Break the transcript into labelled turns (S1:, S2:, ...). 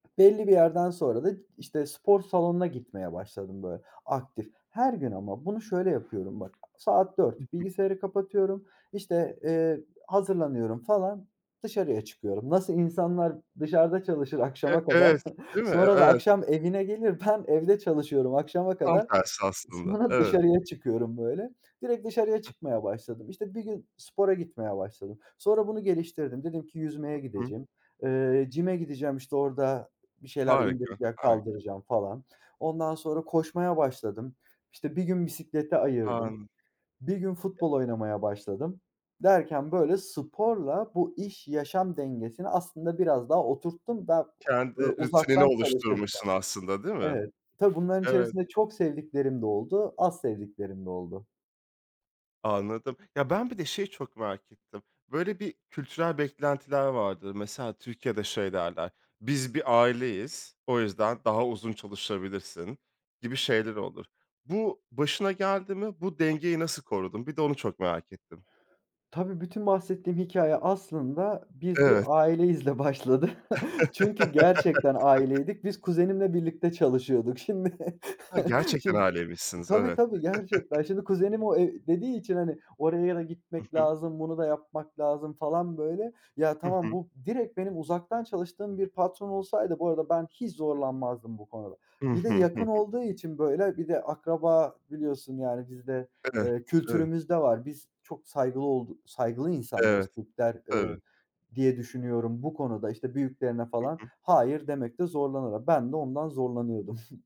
S1: Belli bir yerden sonra da, işte spor salonuna gitmeye başladım böyle, aktif. Her gün ama bunu şöyle yapıyorum bak, saat
S2: Hı
S1: 4,
S2: hı.
S1: bilgisayarı kapatıyorum, işte, eee, hazırlanıyorum falan, dışarıya çıkıyorum. Nasıl insanlar dışarıda çalışır
S2: Eee,
S1: akşama kadar,
S2: evet, değil mi?
S1: sonra da
S2: Evet.
S1: akşam evine gelir, ben evde çalışıyorum akşama
S2: Tam
S1: kadar,
S2: tersi aslında,
S1: sonra
S2: evet.
S1: dışarıya çıkıyorum böyle, direkt dışarıya çıkmaya başladım. İşte bir gün spora gitmeye başladım, sonra bunu geliştirdim, dedim ki yüzmeye
S2: Hı hı.
S1: gidecegim, eee, gym'e gideceğim işte orada bir şeyler
S2: Harika,
S1: indirecek,
S2: hari
S1: kaldıracağım falan. Ondan sonra koşmaya başladım, işte bir gün bisiklete ayırdım,
S2: An
S1: bir gün
S2: [unintelligible]
S1: futbol oynamaya başladım, derken böyle sporla bu iş yaşam dengesini aslında biraz daha oturttum. Ben
S2: Kendi rutinini
S1: uzaktan çalışırken.
S2: oluşturmuşsun aslında değil mi?
S1: Evet, tabii bunların
S2: Evet.
S1: içerisinde çok sevdiklerim de oldu, az sevdiklerim de oldu.
S2: Anladım. Ya ben bir de şeyi çok merak ettim. Böyle bir kültürel beklentiler vardır. Mesela Türkiye'de şey derler, biz bir aileyiz, o yüzden daha uzun çalışabilirsin, gibi şeyler olur. Bu başına geldi mi? Bu dengeyi nasıl korudun? Bir de onu çok merak ettim.
S1: Tabii bütün bahsettiğim hikâye aslında biz bir
S2: Evet.
S1: aileyizle başladı. Çünkü gerçekten
S2: [unintelligible]
S1: aileydik, biz kuzenimle birlikte çalışıyorduk. Şimdi,
S2: Gerçekten
S1: şimdi
S2: aileymişsiniz,
S1: tabii
S2: evet.
S1: tabii gerçekten, şimdi kuzenim o eee, dediği için hani oraya da
S2: Hı
S1: gitmek
S2: hı.
S1: lazım, bunu da yapmak lazım falan böyle. Ya,
S2: Hı
S1: tamam
S2: hı.
S1: bu direkt benim uzaktan çalıştığım bir patron olsaydı bu arada ben hiç zorlanmazdım bu konuda.
S2: Hı
S1: Bir de
S2: hı. Hı
S1: yakın
S2: hı.
S1: olduğu için, böyle bir de akraba biliyorsun yani bizde,
S2: Eh,
S1: eee,
S2: evet.
S1: kültürümüzde var, biz çok saygılı oldu saygılı insanlarız,
S2: Evet.
S1: Türkler,
S2: Tabii.
S1: eee, diye düşünüyorum, bu konuda işte büyüklerine
S2: Hı
S1: falan,
S2: hı.
S1: hayır demekte zorlanırlar. Ben de ondan zorlanıyordum.